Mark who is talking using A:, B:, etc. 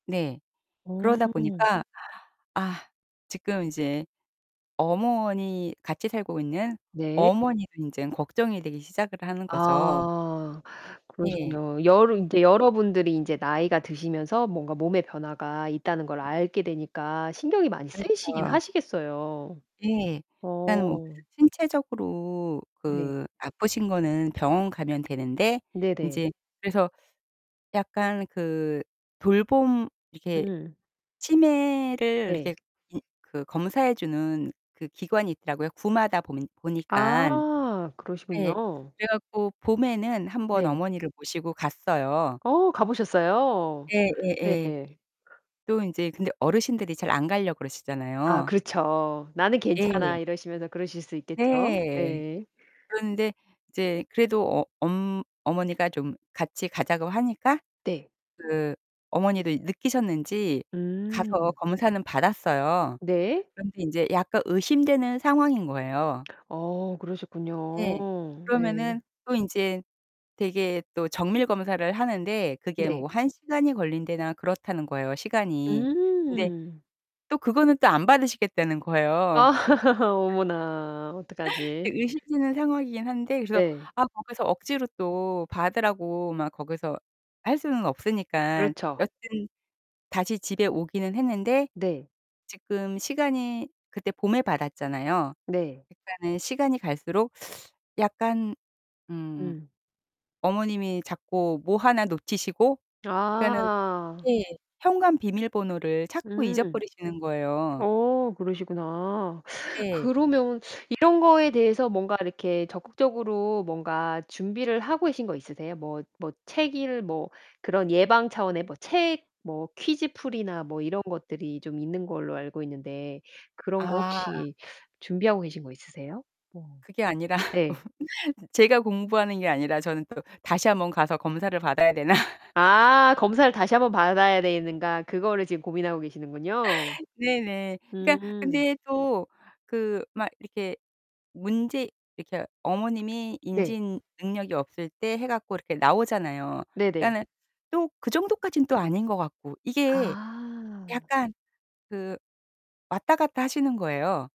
A: 네.
B: 어.
A: 그러다 보니까 아 지금 이제 어머니 같이 살고 있는
B: 네.
A: 어머니도 인제 걱정이 되기 시작을 하는 거죠.
B: 아
A: 예.
B: 그러시군요. 여러 인제 여러분들이 인제 나이가 드시면서 뭔가 몸에 변화가 있다는 걸 알게 되니까 신경이 많이 쓰이시긴
A: 그렇죠.
B: 하시겠어요.
A: 예. 일단 뭐
B: 어.
A: 신체적으로
B: 네.
A: 그 아프신 거는 병원 가면 되는데
B: 네네.
A: 인제 그래서 약간 그 돌봄 이렇게
B: 음.
A: 치매를
B: 네.
A: 이렇게 음 그 검사해 주는 그 기관이 있더라고요. 구마다 보면 보니깐.
B: 아
A: 네.
B: 그러시군요.
A: 그래 갖고 봄에는 한번
B: 네.
A: 어머니를 모시고 갔어요
B: 어 가보셨어요?
A: 예. 예.
B: 네.
A: 예. 또 인제 근데 어르신들이 잘 안 가려고
B: 아
A: 그러시잖아요
B: 그렇죠. "나는
A: 예.
B: 괜찮아." 이러시면서 그러실 수 있겠죠.
A: 네.
B: 네.
A: 그런데 이제 그래도 어 엄 어머니가 좀 같이 가자고 하니까.
B: 네.
A: 그 어머니도 느끼셨는지 가서
B: 음.
A: 검사는 받았어요.
B: 네.
A: 그런데 인제 약간 의심되는 상황인 거예요.
B: 어 그러셨군요.
A: 예.
B: 네.
A: 그러면은 또 인제 되게 또 정밀 검사를 하는데 그게
B: 네.
A: 뭐 1 시간이 걸린다나 그렇다는 거예요 시간이. 근데
B: 음.
A: 또 그거는 또 안 받으시겠다는 거예요
B: 아 어머나.
A: 네.
B: 어떡하지?
A: 의심되는 상황이긴 한데 그래서
B: 네.
A: 아 거기서 억지로 또 받으라고 막 거기서 할 수는 없으니까
B: 그렇죠.
A: 여튼 다시 집에 오기는 했는데
B: 네.
A: 지금 시간이 그때 봄에 받았잖아요.
B: 네.
A: 그러니까는 시간이 갈수록 약간 음
B: 음.
A: 어머님이 자꾸 뭐 하나 놓치시고 그러니까는
B: 아.
A: 예. 현관 비밀번호를 자꾸
B: 음.
A: 잊어버리시는 거예요.
B: 어. 그러시구나.
A: 네.
B: 그러면 이런 거에 대해서 뭔가 이렇게 적극적으로 뭔가 준비를 하고 계신 거 있으세요? 뭐 뭐 책 읽 뭐 그런 예방 차원의 뭐 책 뭐 퀴즈 풀이나 뭐 이런 것들이 좀 있는 걸로 알고 있는데 그런 거
A: 아.
B: 혹시 준비하고 계신 거 있으세요? 뭐
A: 그게 아니라
B: 네.
A: 제가 공부하는 게 아니라 저는 또 다시 한번 가서 검사를 받아야 되나?
B: 아 '검사를 다시 한번 받아야 되는가.' 그거를 지금 고민하고 계시는군요.
A: 네네. 그러니까
B: 음.
A: 근데 또 그 막 이렇게 문제 이렇게 어머님이
B: 네.
A: 인지 능력이 없을 때 해 갖고 이렇게 나오잖아요.
B: 네네.
A: 그러니까는 또 그 정도까진 또 아닌 것 같고. 이게
B: 아.
A: 약간 그 왔다 갔다 하시는 거예요.